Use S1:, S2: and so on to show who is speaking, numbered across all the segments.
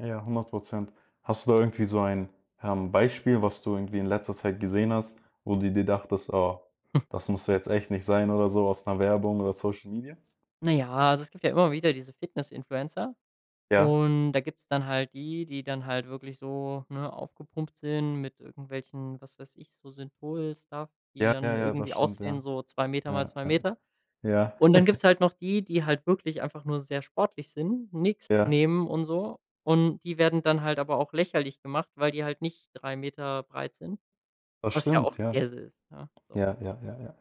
S1: Ja, 100 %. Hast du da irgendwie so ein, ähm, Beispiel, was du irgendwie in letzter Zeit gesehen hast, wo du dir dachtest: „Oh, das musste jetzt echt nicht sein“, oder so aus 'ner Werbung oder Social Media?
S2: Na ja, also es gibt ja immer wieder diese Fitness-Influencer
S1: Ja.
S2: und da gibt's dann halt die, die dann halt wirklich so, ne, aufgepumpt sind mit irgendwelchen, was weiß ich, so Synthol Stuff, die
S1: Ja, ja,
S2: dann
S1: ja, das
S2: irgendwie
S1: stimmt, ja.
S2: aussehen, so 2 m mal
S1: Ja,
S2: 2 m
S1: ja, ja.
S2: und dann gibt's halt noch die, die halt wirklich einfach nur sehr sportlich sind, nix
S1: Ja.
S2: nehmen und so und die werden dann halt aber auch lächerlich gemacht, weil die halt nicht 3 m breit sind,
S1: Das
S2: was ja
S1: stimmt,
S2: auch
S1: ja.
S2: Käse ist, ja, so.
S1: Ja, ja, ja, ja.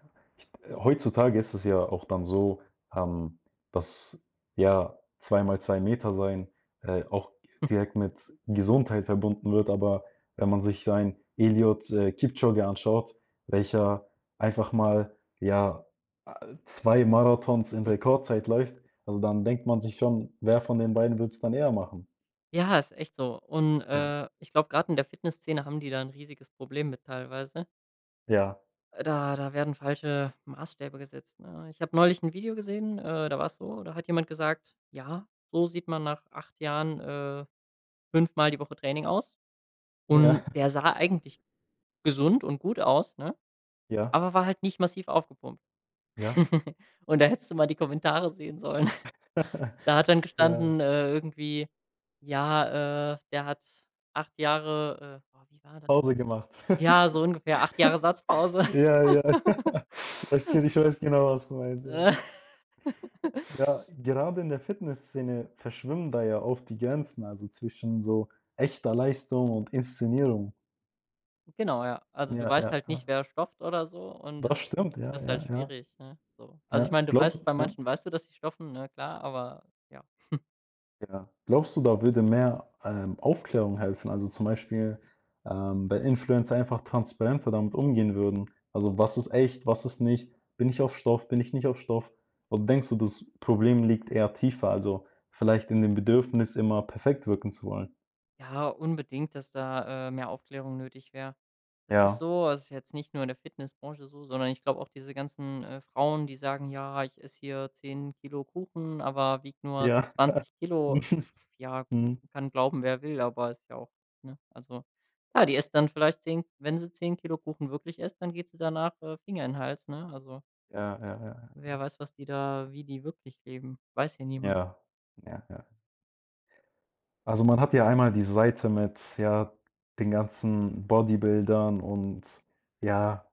S1: Äh, heutzutage ist es ja auch dann so, ähm, dass ja 2 mal 2 m sein, äh, auch direkt mit Gesundheit verbunden wird, aber wenn man sich so ein Eliud äh, Kipchoge anschaut, welcher einfach mal, ja, äh, 2 Marathons in Rekordzeit läuft, also dann denkt man sich schon, wer von den beiden würde es dann eher machen?
S2: Ja, ist echt so, und,
S1: Ja.
S2: äh, ich glaube, grad in der Fitnessszene haben die da 'n riesiges Problem mit teilweise.
S1: Ja.
S2: Äh, da da werden falsche Maßstäbe gesetzt, ne? Ich habe neulich 'n Video gesehen, äh, da war es so, da hat jemand gesagt: „Ja, so sieht man nach 8 Jahren, äh, fünfmal die Woche Training aus.“
S1: Ja.
S2: Und der sah eigentlich gesund und gut aus, ne,
S1: Ja.
S2: aber war halt nicht massiv aufgepumpt,
S1: Ja.
S2: und da hättest du mal die Kommentare sehen sollen. Da hat dann
S1: Ja.
S2: gestanden, äh, irgendwie, ja, äh, der hat 8 Jahre, äh oh, wie war da
S1: Pause gemacht.
S2: ja so ungefähr 8 Jahre Satzpause.
S1: Ja, ja. Das kenne ich, ich weiß genau was du meinst, ja. Ja, gerade in der Fitnessszene verschwimmen da ja oft die Grenzen, also zwischen so echter Leistung und Inszenierung.
S2: Genau, ja. Also du
S1: Ja,
S2: weißt
S1: ja,
S2: halt nicht,
S1: ja.
S2: wer stofft oder so und
S1: Das
S2: das
S1: stimmt, ja,
S2: ist halt
S1: ja, ja.
S2: schwierig, ne, so. Also ich
S1: Ja,
S2: meine, du
S1: glaubst
S2: weißt
S1: d
S2: bei
S1: ja.
S2: manchen weißt du, dass sie stoffen, ne, klar, aber ja.
S1: Ja. Glaubst du da würde mehr, ähm, Aufklärung helfen? Also zum Beispiel, ähm, wenn Influencer einfach transparenter damit umgehen würden? Also, was ist echt, was ist nicht? Bin ich auf Stoff? Bin ich nicht auf Stoff? Oder denkst du, das Problem liegt eher tiefer, also vielleicht in dem Bedürfnis, immer perfekt wirken zu wollen?
S2: Ja, unbedingt, dass da, äh, mehr Aufklärung nötig wäre. Das ist
S1: Ja.
S2: so also, ist jetzt nicht nur in der Fitnessbranche so, sondern ich glaube auch diese ganzen, äh, Frauen, die sagen: „Ja, ich esse hier 10 kg Kuchen, aber wiege nur
S1: Ja.
S2: 20 kg.“ Ja,
S1: Mhm.
S2: kann glauben wer will, aber ist ja auch, ne? Also, ja, die isst dann vielleicht 10 wenn sie 10 kg Kuchen wirklich isst, dann geht sie danach, äh, Finger in den Hals, ne? Also
S1: Ja, ja, ja, ja.
S2: wer weiß, was die da wie die wirklich leben, weiß ja niemand.
S1: Ja, ja, ja. Also, man hat ja einmal die Seite mit, ja, den ganzen Bodybuildern und ja